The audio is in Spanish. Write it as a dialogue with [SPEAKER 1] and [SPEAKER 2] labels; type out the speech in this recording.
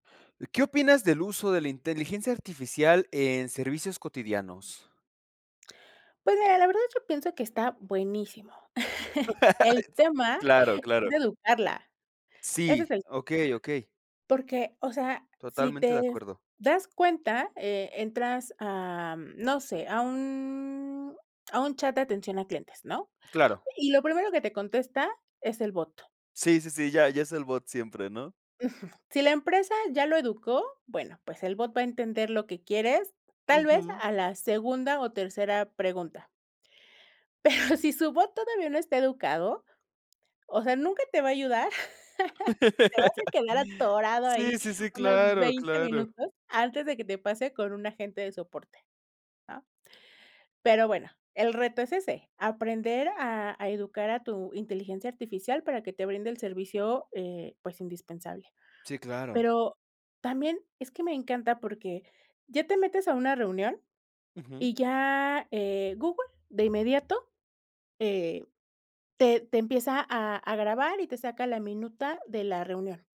[SPEAKER 1] ¿Qué opinas del uso de la inteligencia artificial en servicios cotidianos?
[SPEAKER 2] Pues mira, la verdad, yo pienso que está buenísimo. El
[SPEAKER 1] S
[SPEAKER 2] tema
[SPEAKER 1] ¡Claro,
[SPEAKER 2] es
[SPEAKER 1] claro!
[SPEAKER 2] educarla. Ese es
[SPEAKER 1] Sí.
[SPEAKER 2] el te
[SPEAKER 1] Okey, okey.
[SPEAKER 2] Porque, o sea, si
[SPEAKER 1] Totalmente de
[SPEAKER 2] te
[SPEAKER 1] acuerdo.
[SPEAKER 2] das cuenta, eh, entras a, mm, no sé, a un a un chat de atención a clientes, ¿no?
[SPEAKER 1] Claro.
[SPEAKER 2] Y y lo primero que te contesta es el bot.
[SPEAKER 1] Sí, sí, sí. Ya ya es el bot siempre, ¿no?
[SPEAKER 2] Ujú. Si la empresa ya lo educó, bueno, pues el bot va a entender lo que quieres, tal vez
[SPEAKER 1] Ujú.
[SPEAKER 2] a la segunda o tercera pregunta. Pero si su bot todavía no está educado, o sea, nunca te va a ayudar. Te vas a quedar atorado ahí
[SPEAKER 1] Si, sí, sí.
[SPEAKER 2] unos
[SPEAKER 1] Claro,
[SPEAKER 2] 20
[SPEAKER 1] claro.
[SPEAKER 2] minutos antes de que te pase con un agente de soporte, ¿ah? Pero bueno, el reto es ese. Aprender a a educar a tu inteligencia artificial para que te brinde el servicio, eh, pues, indispensable.
[SPEAKER 1] Sí, claro.
[SPEAKER 2] Pero también es que me encanta, porque ya te metes a una reunión
[SPEAKER 1] Ujú.
[SPEAKER 2] y ya, eh, Google de inmediato, eh, te te empieza a a grabar y te saca la minuta de la reunión.